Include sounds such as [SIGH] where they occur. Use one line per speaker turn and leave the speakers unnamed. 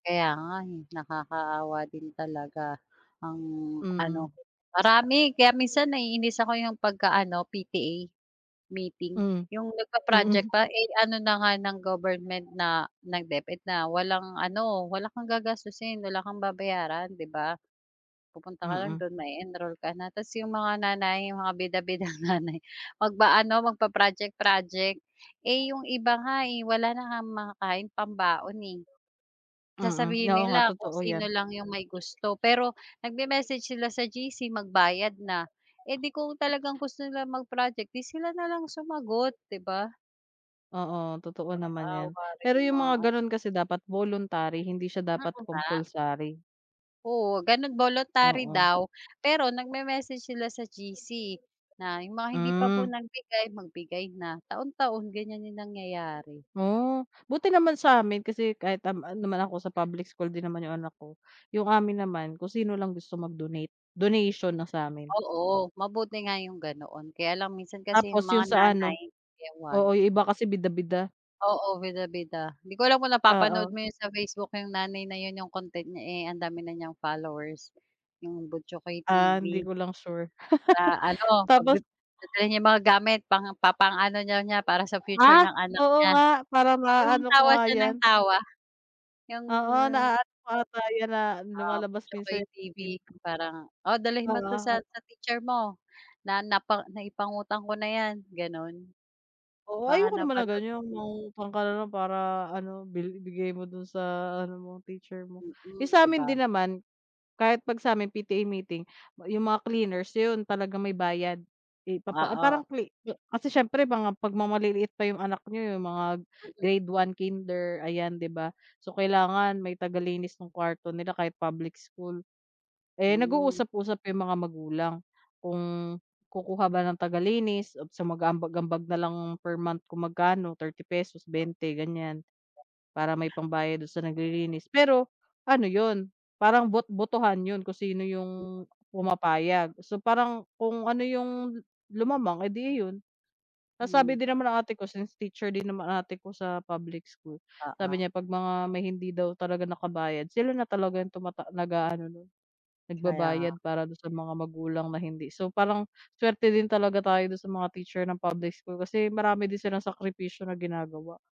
Kaya nga eh, nakakaawa din talaga, ang
Mm.
ano, marami kaya minsan naiinis ako 'yong pagka ano, PTA meeting,
Mm.
'yong, nag-pa-project
Mm.
pa eh, ano na nga ng government na ng Deped na walang ano, wala kang gagastusin, wala kang babayaran, 'di ba? Pupunta ka lang
Mm.
do'n ma-e-enroll ka na. Tas 'yong mga nanay, 'yong mga bida-bidang nanay, mag-a-ano magpa-project project, eh, 'yong iba nga eh, wala na ngang makakain, pambaon eh.
Mm,
Sasabihin
oo nga
nila kung
totoo
sino
yan.
lang yung may gusto pero, nag-me-message sila sa GC magbayad na, eh, di kung talagang gusto nila mag-project 'di sila na lang sumagot, 'di ba?
Oo, totoo naman yan.
Naawa rin
Pero
yung
yung
mga
mga
ano.
ganun kasi dapat voluntary, hindi siya
Mm
dapat
nga.
compulsary.
Oo ganon voluntary
Oo.
daw, pero nag-me-message sila sa GC na yung mga hindi pa po
Mm.
nagbigay, magbigay na, taon-taon ganyan yung nangyayari.
Oo, buti naman sa amin kasi kahit nam, ah, naman ako sa public school din naman yung anak ko, yung amin naman, kung sino lang gusto mag-donate, donation na sa'min.
Oo, mabuti nga yung ganoon, kaya lang minsan kasi
Tapos
yung mga
yung sa ano
nanay, ewan.
oo, yung iba kasi bida-bida.
Oo, bida-bida. 'Di ko alam kung napapanood
Oo.
mo yun sa Facebook yung nanay na yun yung content niya eh, ang dami na niyang followers, 'yong Buchokoy
Ah, hindi
TV.
ko lang sure
Sa
[LAUGHS]
ano, 'pag
Tapos
dadalhin niya mga gamit, pang papaano niya para sa future
Ah,
ng anak
oo
niya.
nga, para
Yung
naano ko
tawa
nga
siya ng
'yan?
tawa. Yung
Oo na-aano ko ata yan na
ah,
lumalabas
Butchokoy
minsan yan sa
TV,
TV.
parang, oh dalhin mo 'to
Oo,
sa
o
sa teacher mo, na na naipangutang ko na yan, ganon.
Oo,
Baka
ayoko naman ng
napanood
ganyan 'no, mangungutang ka na lang para ano, bi bigay mo do'n sa ano mo, teacher mo.
Hmm,
'Yong sa
'di
amin
ba?
din naman, kahit 'pag sa'min PTA meeting, 'yong mga cleaners, 'yon talaga may bayad, ipapa ah,
Oo.
parang cle ah, kasi siyempre pang, ah, 'pag maliliit pa 'yong anak niyo, 'yong mga
Mm.
grade 1, kinder, ayan 'di ba? So kailangan may taga-linis ng kuwarto nila kahit public school. Eh,
Hmm.
nag-uusap-usap 'yong mga magulang, kung kukuha ba ng taga-linis o mag-a-ambag-ambag na lang per month kung magkano, ₱30, 20 ganyan, para may pambayad do'n
Oh
sa naglilinis pero, ano 'yon, parang bot botohan 'yon kung sino
M
'yong, pumapayag. So parang kung ano 'yong, lumamang eh, 'di 'yon. Nasabi
Hmm.
din naman ng ate ko, since teacher din naman ate ko sa public school, sabi
Oo.
niya 'pag mga may hindi daw talaga nakabayad sila, na talaga yung tumata nag-a-ano
Kaya nga.
nagbabayad para 'don sa mga magulang na hindi. So parang swerte din talaga tayo dun sa mga teacher ng public school kasi marami din silang sakripisyo na ginagawa.